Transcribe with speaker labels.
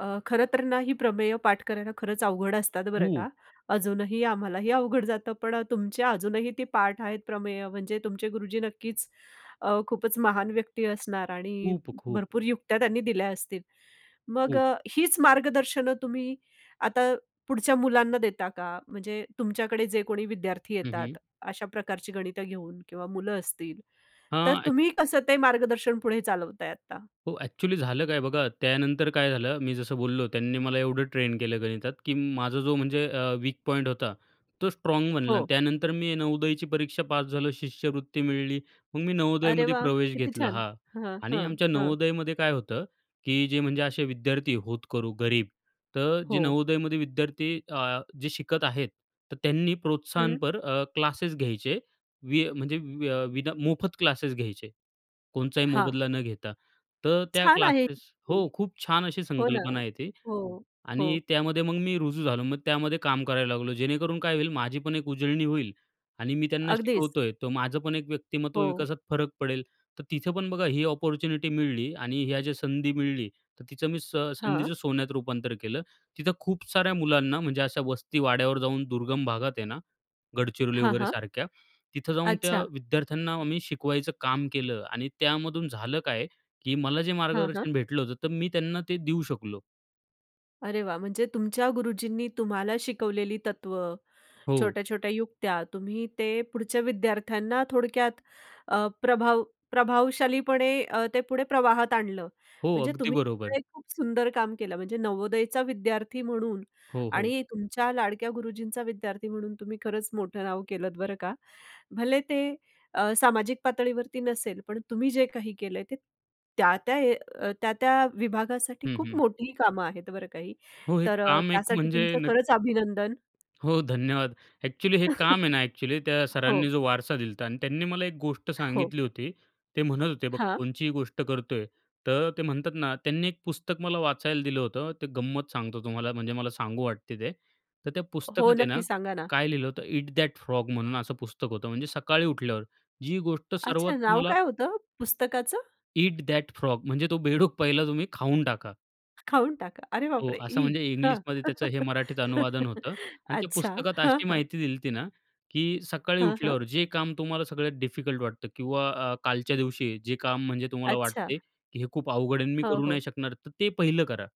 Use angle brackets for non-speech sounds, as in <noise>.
Speaker 1: अ, खरं तर ना ही प्रमेय पाठ करायला खरंच अवघड असतात, बरं का.
Speaker 2: खूप.
Speaker 1: अजूनही आम्हालाही अवघड जातं. पण अ, तुमच्या अजूनही ती पाठ आहेत प्रमेय, म्हणजे तुमचे गुरुजी नक्कीच अ, खूपच महान व्यक्ती असणार आणि
Speaker 2: खूप-खूप.
Speaker 1: भरपूर युक्त्या त्यांनी दिल्या असतील. मग
Speaker 2: खूप.
Speaker 1: अ, हीच मार्गदर्शनं तुम्ही आता पुढच्या मुलांना देता का? म्हणजे तुमच्याकडे जे कोणी विद्यार्थी
Speaker 2: हं,
Speaker 1: येतात,
Speaker 2: हं.
Speaker 1: अशा प्रकारची गणितं घेऊन, किंवा मुलं असतील, तर
Speaker 2: हां, एक्च
Speaker 1: तुम्ही कसं ते मार्गदर्शन पुढे चालवताय आत्ता?
Speaker 2: हो. एक्चुअली झालं काय, बघा त्यानंतर काय झालं, मी जसं बोललो त्यांनी मला एवढं ट्रेन केलं गणितात, की माझा जो, म्हणजे अ, वीक पॉईंट होता तो स्ट्राँग बनला. अन्
Speaker 1: हो.
Speaker 2: त्यानंतर मी नवोदयची परीक्षा पास झालो, शिष्यवृत्ती मिळाली, मग मी
Speaker 1: अरे
Speaker 2: नवोदयमध्ये
Speaker 1: वाह!
Speaker 2: प्रवेश
Speaker 1: किती
Speaker 2: घेतला,
Speaker 1: छान.
Speaker 2: हां.
Speaker 1: हां,
Speaker 2: आणि
Speaker 1: हां,
Speaker 2: आमच्या
Speaker 1: हां.
Speaker 2: नवोदयमध्ये काय होतं, की जे म्हणजे असे विद्यार्थी होतकरू, गरीब, तर जे
Speaker 1: हो.
Speaker 2: नवोदयमध्ये विद्यार्थी अ, जे शिकत आहेत, तर त्यांनी
Speaker 1: हं.
Speaker 2: प्रोत्साहनपर अ, क्लासेस घ्यायचे, वि अ, म्हणजे व व अ, विना मोफत क्लासेस घ्यायचे, कोणचाही
Speaker 1: हां.
Speaker 2: मोबदला न घेता. तर त्या
Speaker 1: छान आहे
Speaker 2: क्लासेस हो
Speaker 1: किती.
Speaker 2: खूप छान अशी
Speaker 1: हो ना.
Speaker 2: संकल्पना आहे ती
Speaker 1: हो,
Speaker 2: आणि
Speaker 1: हो.
Speaker 2: त्यामध्ये मग मी रुजू झालो, मग त्यामध्ये काम करायला लागलो, जेणेकरून काय होईल, माझी पण एक उजळणी होईल आणि मी त्यांना
Speaker 1: अगदीच.
Speaker 2: शिकवतोय, तर माझं पण एक व्यक्तिमत्त्व
Speaker 1: हो.
Speaker 2: विकासात फरक पडेल. तर तिथं पण बघा ही अपॉर्च्युनिटी मिळाली आणि ह्या ज्या संधी मिळाली, तर तिचं मी स
Speaker 1: हां.
Speaker 2: संधीचं सोन्यात रूपांतर केलं. तिथं खूप साऱ्या मुलांना, म्हणजे अशा वस्ती वाड्यावर जाऊन, दुर्गम भागात आहे ना, गडचिरोली
Speaker 1: हां,
Speaker 2: वगैरे
Speaker 1: हां.
Speaker 2: सारख्या, तिथं जाऊन त्या
Speaker 1: अच्छा.
Speaker 2: विद्यार्थ्यांना आम्ही शिकवायचं काम केलं आणि त्यामधून झालं काय, की मला जे
Speaker 1: हां, हां.
Speaker 2: मार्गदर्शन भेटलं होतं, तर मी त्यांना ते देऊ शकलो.
Speaker 1: अरे वाह! म्हणजे तुमच्या गुरुजींनी तुम्हाला शिकवलेली तत्व,
Speaker 2: हो.
Speaker 1: छोट्या-छोट्या युक्त्या, तुम्ही ते पुढच्या विद्यार्थ्यांना थोडक्यात अ, प्रभाव प्रभावशालीपणे अ, ते पुढे प्रवाहात आणलं.
Speaker 2: हो,
Speaker 1: म्हणजे
Speaker 2: अगदी
Speaker 1: तुम्ही <unintelligible>
Speaker 2: बरोबर.
Speaker 1: हे खूप सुंदर काम केलं. म्हणजे नवोदयचा विद्यार्थी म्हणून
Speaker 2: हो, हो.
Speaker 1: आणि तुमच्या लाडक्या गुरुजींचा विद्यार्थी म्हणून तुम्ही खरंच मोठं नाव केलंत, बरं का. भले ते अ, सामाजिक पातळीवरती नसेल, पण तुम्ही जे काही केलंय, ते त्या-त्या अ, त्या-त्या विभागासाठी
Speaker 2: हं,
Speaker 1: खूप
Speaker 2: हं.
Speaker 1: मोठी कामं आहेत, बरं का ही.
Speaker 2: हो, हे
Speaker 1: तर
Speaker 2: काम एक
Speaker 1: त्यासाठी
Speaker 2: म्हणजे
Speaker 1: तुमचं
Speaker 2: नक्
Speaker 1: खरंच अभिनंदन.
Speaker 2: हो, धन्यवाद. एक्चुअली हे काम आहे ना एक्चुअली
Speaker 1: <chuckles>
Speaker 2: त्या सरांनी
Speaker 1: हो.
Speaker 2: जो वारसा दिला होता आणि त्यांनी मला एक गोष्ट
Speaker 1: हो.
Speaker 2: सांगितली होती. ते म्हणत होते, "बघ
Speaker 1: हां.
Speaker 2: कोणचीही गोष्ट करतोय," तर ते म्हणतात ना, त्यांनी एक पुस्तक मला वाचायला दिलं होतं, ते गंमत सांगतो तुम्हाला, म्हणजे मला सांगू वाटते ते. तर त्या
Speaker 1: हो,
Speaker 2: पुस्तकात आहे ना,
Speaker 1: नक्की सांगा ना.
Speaker 2: काय लिहिलं होतं, Eat That Frog म्हणून असं पुस्तक होतं, म्हणजे सकाळी उठल्यावर जी गोष्ट सर्वात
Speaker 1: अच्छा. नाव
Speaker 2: तुम्हाला
Speaker 1: काय होतं पुस्तकाचं?
Speaker 2: Eat That Frog, म्हणजे तो बेडूक पहिला तुम्ही खाऊन टाका.
Speaker 1: खाऊन टाका. अरे
Speaker 2: हो,
Speaker 1: बापरे!
Speaker 2: असं,
Speaker 1: ई!
Speaker 2: म्हणजे
Speaker 1: हं.
Speaker 2: इंग्लिशमध्ये त्याचं हे मराठीत अनुवादन
Speaker 1: <chuckles>
Speaker 2: होतं. आणि ते
Speaker 1: अच्छा.
Speaker 2: पुस्तकात
Speaker 1: हं,
Speaker 2: अशी
Speaker 1: हं.
Speaker 2: माहिती दिला होती ना की सकाळी
Speaker 1: हं, हं.
Speaker 2: उठल्यावर जे काम तुम्हाला सगळ्यात डिफिकल्ट वाटतं किंवा अ, कालच्या दिवशी जे काम, म्हणजे तुम्हाला
Speaker 1: अच्छा.
Speaker 2: वाटते की हे खूप अवघड आहे अन् मी
Speaker 1: हो,
Speaker 2: करू
Speaker 1: हो.
Speaker 2: नाही शकणार, तर ते पहिलं करा.